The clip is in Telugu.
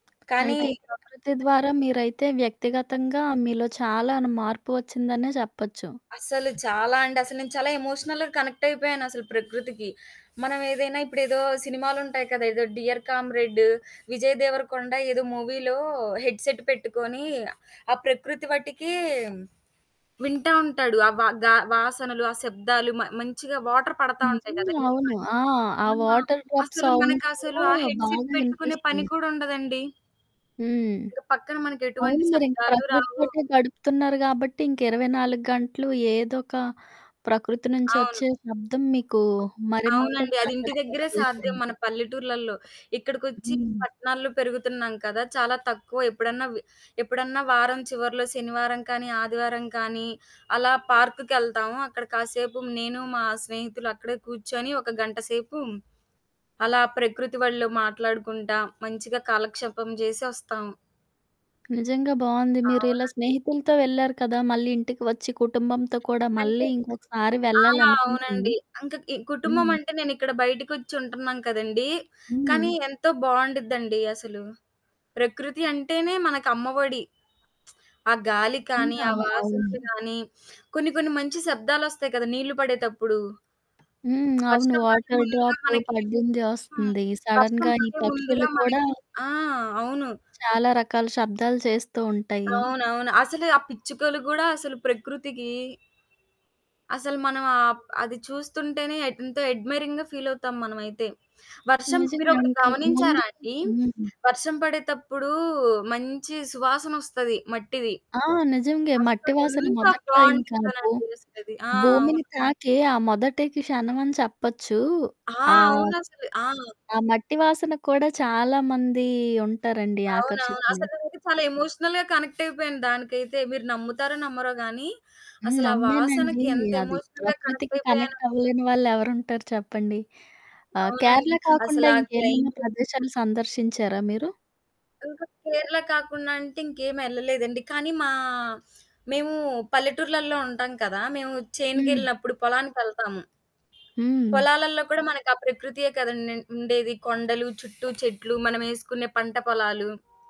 కానీ అయితే ఈ ప్రకృతి ద్వారా మీరైతే వ్యక్తిగతంగా మీలో చాలానే మార్పు ఒచ్చిందనే చెప్పొచ్చు. అసలు చాలా అండి. అసలు నేను చాలా ఎమోషనల్‌గా కనెక్టయిపోయాను అసలు ప్రకృతికి. మనం ఏదైనా ఇప్పుడు ఏదో సినిమాలుంటాయి కదా! ఏదో 'డియర్ కామ్రేడ్డు' విజయ్ దేవరకొండ ఏదో మూవీలో హెడ్‌సేట్ పెట్టుకొని, ఆ ప్రకృతి వట్టికీ వింటా ఉంటాడు. ఆ వా గా వాసనలు, ఆ శబ్దాలు, మ మంచిగా వాటరు పడతా ఉంటాయి గదా! నిజంగా నీళ్ళు అవును. పడి. ఆ! ఆ ఆ! వాటర్ డ్రాప్ అసలు సౌండ్ మనకసలు ఆ కూడా హెడ్‌సేట్ బాగా పెట్టుకునే పని వినిపిస్తుంది. కూడా ఉండదండి. హ్మ్. ఇంక పక్కన మనకెటువంటి అవును. మీరింక శబ్దాలు రావు. ప్రకృతితోటే గడుపుతున్నారు గాబట్టి, ఇంక 24 గంటలు ఏదో ఒక ప్రకృతి నుంచి అవును. ఒచ్చే శబ్దం మీకు అవునండి. మరింతగా అది ఇంటి దెగ్గరే సాధ్యం ఆదర్శంపజేసింది. మన పల్లెటూర్లల్లో. ఇక్కడికొచ్చి హ్మ్. పట్టణాల్లో పెరుగుతున్నాం కదా! చాలా తక్కువ ఎప్పుడన్నా వి ఎప్పుడన్నా వారం చివర్లో శనివారం కానీ, ఆదివారం కానీ, అలా పార్క్‌కెళ్తాము. అక్కడ కాసేపు నేను మా స్నేహితులు అక్కడే కూర్చొని ఒక గంటసేపు, అలా ప్రకృతి ఒళ్ళో మాట్లాడుకుంటా మంచిగా కాలక్షేపం జేసి ఒస్తాం. నిజంగా బావుంది. మీరిలా అవునండి. స్నేహితులతో వెళ్లారు కదా! మళ్ళీ ఇంటికి వచ్చి కుటుంబంతో కూడా మళ్ళీ అంటే ఇంకొకసారి ఆ! వెళ్ళాలనిపించిందా? అవునండి. ఇంక ఈ కుటుంబం హ్మ్. అంటే, నేనిక్కడ బయటికొచ్చి ఉంటున్నాను కదండీ! కానీ హ్మ్. ఎంతో బావుండుద్దండి అసలు. ప్రకృతి అంటేనే, మనకు అమ్మ ఒడి. ఆ గాలి కానీ, నిజంగా. ఆ అవ్ వాసనలు అవును. గాని, కొన్ని కొన్ని మంచి శబ్దాలొస్తాయి కదా! నీళ్ళు పడేతప్పుడు. హ్మ్. అవును. వర్షం పడే వాటరు ముందుగా డ్రాపు మనకి పడ్డింది హ్మ్. ఒస్తుంది. వర్షం సడెన్‌గా ఈ పడే పక్షులు ముందుగా కూడా మనకి ఆ! అవును. చాలా రకాల శబ్దాలు చేస్తూ ఉంటయి. అవునవును. అసలు ఆ పిచ్చుకలు గూడా అసలు ప్రకృతికి అసలు మనం ఆప్ అది చూస్తుంటేనే, ఎంతో ఎడ్మైరింగ్‌గా ఫీలవుతాం మనమైతే. వర్షం నిజంగా మీరొకటి అంటే, ముందు గమనించారా అండి? హ్మ్. వర్షం పడేతప్పుడు మంచి సువాసన ఒస్తది, మట్టిది. ఆ! నిజంగే మట్టి అస్సలు వాసన ఎంత మొదట్లో ఇంకా అబ్బో! బావుండిద్దోనండి అసలది. ఆ! అవును. భూమిని తాకే ఆ మొదటి క్షణమని చెప్పొచ్చు. ఆ! ఆహ్, అవునసలు ఆ! ఆ మట్టి వాసన కూడా చాలామంది ఉంటారండి అవునవును. ఆకర్షితులై. అసలు నేనైతే చాలా ఎమోషనల్‌గా కనెక్టయిపోయాను దానికైతే, మీరు నమ్ముతారో నమ్మరో గానీ, హ్మ్. అసలా నమ్మేనండి. వాసనకి ఎంత అది ఎమోషనల్‌గా ప్రకృతికి కనెక్టయిపోయానో నేను. కనెక్టవ్వలేని వాళ్ళెవరుంటారు చెప్పండి. ఆహ్, అవునండి. కేరళ కాకుండా అసలా క్లై ఇంకేమన్నా ప్రదేశాలు సందర్శించారా మీరు? ఇంక కేరళ కాకుండా అంటే, ఇంకేమెళ్ళలేదండి. కానీ మా మేము పల్లెటూరులల్లో ఉంటాం కదా! మేము హ్మ్. చేనుకెళ్ళినప్పుడు, పొలానికి వెళ్తాము. హ్మ్. పొలాలల్లో కూడా మనకు ఆ ప్రకృతియే కదండి! అండండ్ ఉండేది. కొండలు, చుట్టూ చెట్లు మనం ఎసుకునే పంట పొలాలు.